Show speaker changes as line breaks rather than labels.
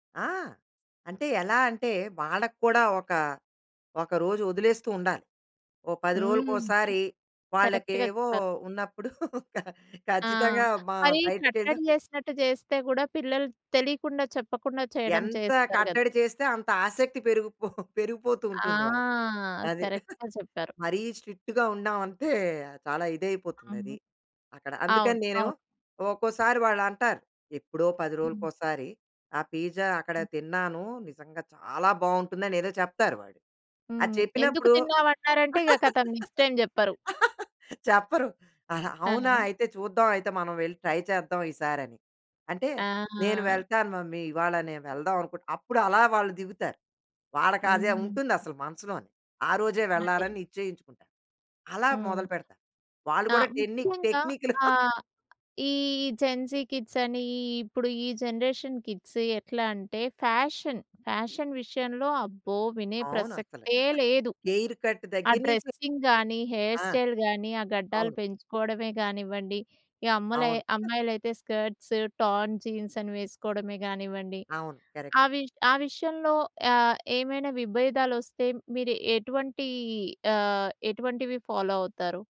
ఆ! అంటే ఎలా అంటే వాళ్ళకి కూడా ఒక, ఒకరోజు వదిలేస్తూ ఉండాలి. ఓ 10
హ్మ్.
రోజులకోసారి
కరెక్ట్‌గా
వాళ్ళకేవో
చెప్పారు.
ఉన్నప్పుడు ఖ
ఆ!
ఖచ్చితంగా మ
మరి
బయటికెళ్ళో
కట్టడి చేసినట్టు చేస్తే, కూడా పిల్లలు తెలియకుండా చెప్పకుండా చేయడం
ఎంత
చేస్తారు కదా!
కట్టడి చేస్తే అంత ఆసక్తి పెరిగిపో పెరిగిపోతూ
ఆ!
ఉంటుంది వాళ్ళకి. అది.
కరెక్ట్‌గా చెప్పారు.
మరీ స్ట్రిక్ట్‌గా ఉన్నామంటే చాలా ఇదైపోతుంది
అవును.
అది అక్కడ.
అవును.
అందుకని నేను
అవును.
ఒక్కోసారి వాళ్ళంటారు ఎప్పుడో 10
హ్మ్.
రోజులకోసారి. ఆ పిజ్జా అక్కడ
హ్మ్.
తిన్నాను. నిజంగా చాలా బాగుంటుందని ఏదో చెప్తారు వాళ్ళు. అది
హ్మ్. ఎందుకు
చెప్పినప్పుడు
తిన్నావన్నారంటే ఇగ కథం నెక్స్ట్ టైమ్ చెప్పరు.
చెప్పరు ఆహా! అవునా?
ఆ!
అయితే చూద్దాం అయితే మనం వెళ్ళి ట్రై చేద్దాం, ఈసారి అని. అంటే
ఆ!
నేను
ఆ!
వెళ్తాను మమ్మీ. ఇవాళ నేను వెళ్దామనుకుంటున్నా. అప్పుడు అలా వాళ్ళు దిగుతారు. వాళ్ళకది
హ్మ్.
ఉంటుంది అసలు మనసులోని. ఆ రోజే
అదే.
వెళ్ళాలని నిశ్చయించుకుంటారు. అలా
హ్మ్.
మొదలుపెడతారు. వాళ్ళు
ఆ!
కూడా టెన్ని
ముఖ్యంగా
టెక్నికులు
ఆహ్, ఈ జెన్‌జీ కిడ్స్ అని. ఇప్పుడు ఈ జనరేషన్ కిడ్స్ ఎట్లా అంటే ఫ్యాషన్, ఫ్యాషన్ విషయంలో అబ్బో! వినే
అవునసలు.
ప్రసక్తే లేదు!
హెయిర్ కట్
ఆ
దగ్గర నుంచి
డ్రెస్సింగ్ గానీ, హెయిర్
ఆ!
స్టైల్ గానీ, ఆ గడ్డాలు
అవును.
పెంచుకోవడమే గానివ్వండి. ఈ అమ్మలే
అవును.
అమ్మాయిలైతే స్కర్ట్స్, టార్న్ జీన్స్ అని వేసుకోవడమే గానివ్వండి.
అవును. కరెక్ట్.
అవి ఆ విషయంలో ఆహ్, ఏమైనా విభేదాలొస్తే మీరెటువంటి ఆహ్, ఎటువంటివి ఫాలో అవుతారు?